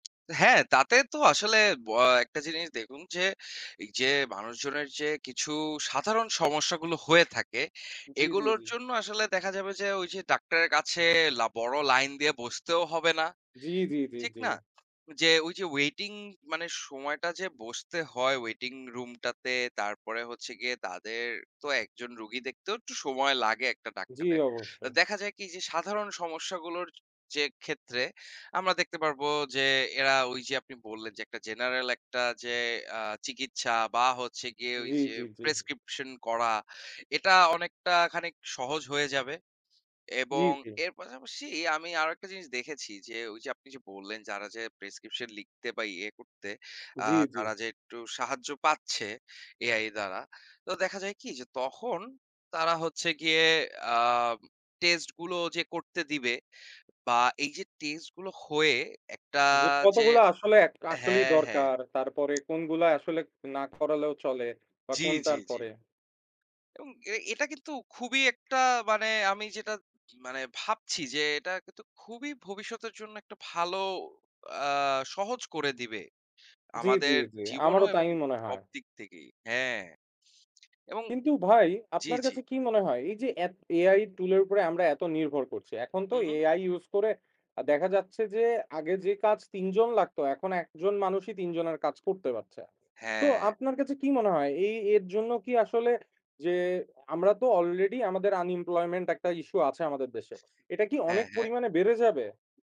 হ্যাঁ, তাতে তো আসলে বআ একটা জিনিস দেখুন যে, এই যে মানুষজনের যে কিছু সাধারণ সমস্যাগুলো হয়ে থাকে, জ্বী, জ্বী, এগুলোর জ্বী। জন্য আসলে দেখা যাবে যে ঐ যে ডাক্তারের কাছে লা বড় লাইন দিয়ে বসতেও হবে না। জ্বী, জ্বী, জ্বী, ঠিক জ্বী। না? যে ঐ যে waiting মানে সময়টা যে বসতে হয় waiting room টাতে, তারপরে হচ্ছে গিয়ে তাদের তো একজন রোগী দেখতেও একটু সময় লাগে একটা জ্বী, ডাক্তারের। তো অবশ্যই। দেখা যায় কি যে সাধারণ সমস্যাগুলোর যে ক্ষেত্রে, আমরা দেখতে পারবো যে এরা ওই যে আপনি বললেন যে একটা general একটা যে আ চিকিৎসা বা হচ্ছে গিয়ে ওই জ্বী, যে জ্বী, জ্বী। প্রেসক্রিপশন করা, এটা অনেকটা খানিক সহজ হয়ে যাবে। জ্বী, এবং জ্বী। এর পাশাপাশি আমি আর একটা জিনিস দেখেছি যে ঐ যে আপনি যে বললেন যারা যে প্রেসক্রিপশন লিখতে বা ইয়ে করতে আ জ্বী, জ্বী। তারা যে একটু সাহায্য পাচ্ছে, AI দ্বারা, তো দেখা যায় কি যে তখন তারা হচ্ছে গিয়ে আ test গুলো যে করতে দিবে বা এই যে test গুলো হয়ে একটা যে যে, কতগুলা আসলে, আসলেই হ্যাঁ, হ্যাঁ। দরকার। তারপরে কোনগুলা আসলে না করালেও চলে, বা জ্বী, কোনটার জ্বী, জ্বী। পরে। উম এটা কিন্তু খুবই একটা মানে আমি যেটা মানে ভাবছি যে এটা কিন্তু খুবই ভবিষ্যতের জন্য একটা ভালো আ সহজ করে দিবে। জ্বী, জ্বী, আমাদের জ্বী। জীবনও আমারও এবং তাই মনে সব হয়। দিক থেকেই। হ্যাঁ। এবং। কিন্তু ভাই, জ্বী, আপনার জ্বী। কাছে কি মনে হয়? এই যে এত AI টুল এর উপরে আমরা এত নির্ভর করছি, এখন তো হুম, হুম। AI use করে দেখা যাচ্ছে যে আগে যে কাজ তিনজন লাগতো, এখন একজন মানুষই ৩ জনের কাজ করতে পারছে। তো হ্যাঁ। আপনার কাছে কি মনে হয় এই এর জন্য কি আসলে যে আমরা তো already আমাদের unemployment একটা issue আছে আমাদের দেশে, এটা কি অনেক হ্যাঁ, হ্যাঁ। পরিমাণে বেড়ে যাবে?